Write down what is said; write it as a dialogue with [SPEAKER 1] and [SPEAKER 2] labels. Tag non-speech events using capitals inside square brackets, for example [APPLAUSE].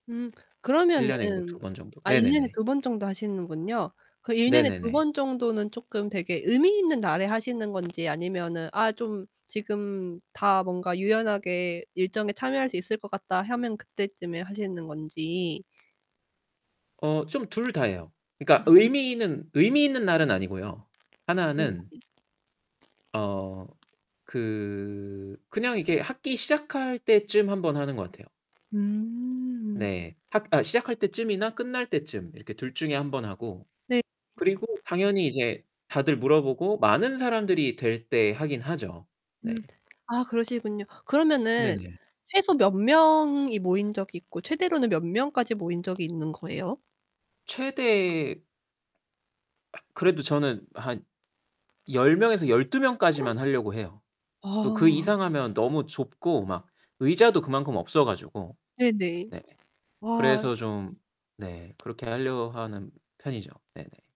[SPEAKER 1] 음.
[SPEAKER 2] 1 년에 그래도 2
[SPEAKER 1] 그러면은
[SPEAKER 2] 번 정도.
[SPEAKER 1] 아 1 년에
[SPEAKER 2] 네네네.
[SPEAKER 1] 그래도 2 번 정도 하시는군요. 그 1 년에 그래도 2
[SPEAKER 2] 네네네.
[SPEAKER 1] 번 정도는 쪼끔 되게 의미 있는 날에 하시는 건지, 아니면은 '아, 좀 지금 다 뭔가 유연하게 일정에 참여할 수 있을 것 같다.' 하면 그때쯤에 하시는 건지.
[SPEAKER 2] 어 좀 둘 다예요. 그니까
[SPEAKER 1] 음.
[SPEAKER 2] 의미있는 의미 있는 날은 아니고요. 1 는
[SPEAKER 1] 네.
[SPEAKER 2] 어. 그 그냥 이렇게 학기 시작할 때쯤 1 번 하는 것 같아요.
[SPEAKER 1] 음.
[SPEAKER 2] 네. 학 아 시작할 때쯤이나 끝날 때쯤 이렇게 둘 중에 1 번 하고,
[SPEAKER 1] 네.
[SPEAKER 2] 그리고 당연히 이제 다들 물어보고 많은 사람들이 될 때 하긴 하죠.
[SPEAKER 1] 음
[SPEAKER 2] 네.
[SPEAKER 1] 아 그러시군요. 그러면은
[SPEAKER 2] 네네.
[SPEAKER 1] 최소 몇 명이 모인 적이 있고 최대로는 몇 명까지 모인 적이 있는 거예요?
[SPEAKER 2] 최대 아 그래도 저는 한 10 명에서 12
[SPEAKER 1] [GASPS]
[SPEAKER 2] 명까지만 하려고 해요. 또 그
[SPEAKER 1] 아.
[SPEAKER 2] 이상하면 너무 좁고 막 의자도 그만큼 없어 가지고.
[SPEAKER 1] 네네.
[SPEAKER 2] 네.
[SPEAKER 1] 와.
[SPEAKER 2] 그래서 좀 네 그렇게 하려 하는 편이죠. 네네.